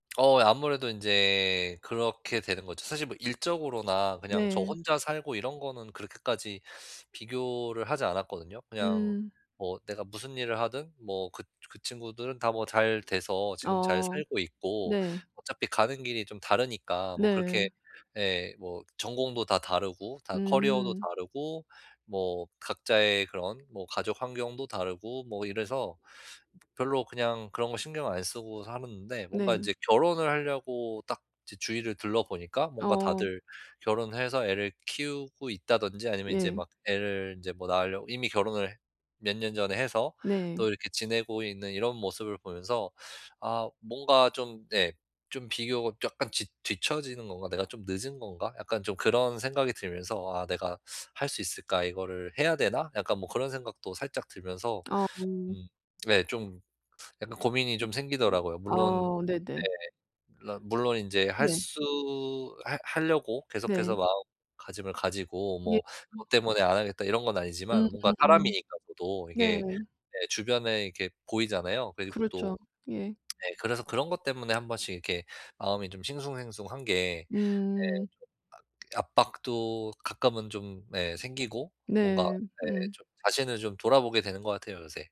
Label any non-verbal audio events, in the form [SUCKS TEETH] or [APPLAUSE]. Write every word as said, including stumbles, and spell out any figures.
어 예 아무래도 인제 그렇게 되는 거죠. 사실 뭐 일적으로나 그냥 저 네. 혼자 살고 이런 거는 그렇게까지 비교를 하지 않았거든요. 그냥 음. 뭐 내가 무슨 일을 하든 뭐 그 그 친구들은 다 뭐 잘 돼서 지금 잘 어. 살고 있고 네. 어차피 가는 길이 좀 다르니까 뭐 네. 그렇게 예, 뭐 전공도 다 다르고 다 커리어도 음. 다르고 뭐 각자의 그런 뭐 가족 환경도 다르고 뭐 이래서 [SUCKS TEETH] 벼 별로 그냥 그런 거 신경 안 쓰고 살았는데 뭔가 네. 이제 결혼을 하려고 딱 이제 주위를 둘러보니까 뭔가 어. 다들 결혼해서 애를 키우고 있다든지 아니면 이제 예. 막 애를 이제 뭐 낳으려고 이미 결혼을 몇 년 전에 해서 네. 또 이렇게 지내고 있는 이런 모습을 보면서 [SUCKS TEETH] 아 뭔가 좀 네 좀 비교가 '약간 지 뒤처지는 건가?', '내가 좀 늦은 건가?' 약간 좀 그런 생각이 들면서 '아. 내가 할 수 있을까? 이거를 해야 되나?' 약간 뭐 그런 생각도 살짝 들면서 아 어. 음 네 좀 약간 고민이 좀 생기더라고요. 물론 아. 네네. 예 물론 물론 이제 할 네. 수 할 하려고 계속해서 네. 마음가짐을 가지고 네. 뭐 음. '그것 때문에 안 하겠다.' 이런 건 음 아니지만 뭔가 음 음. 사람이니까 저도 네. 이게 예, 주변에 이렇게 보이잖아요. 그리고 또 그렇죠. 예. [SMACKS LIPS] 예 그래서 그런 것 때문에 한 번씩 이렇게 마음이 좀 싱숭생숭한 게 예 좀 음. 아 그 압박도 가끔은 좀 네 생기고 뭔가 네. 네 음. 좀 자신을 좀 돌아보게 되는 것 같아요, 요새.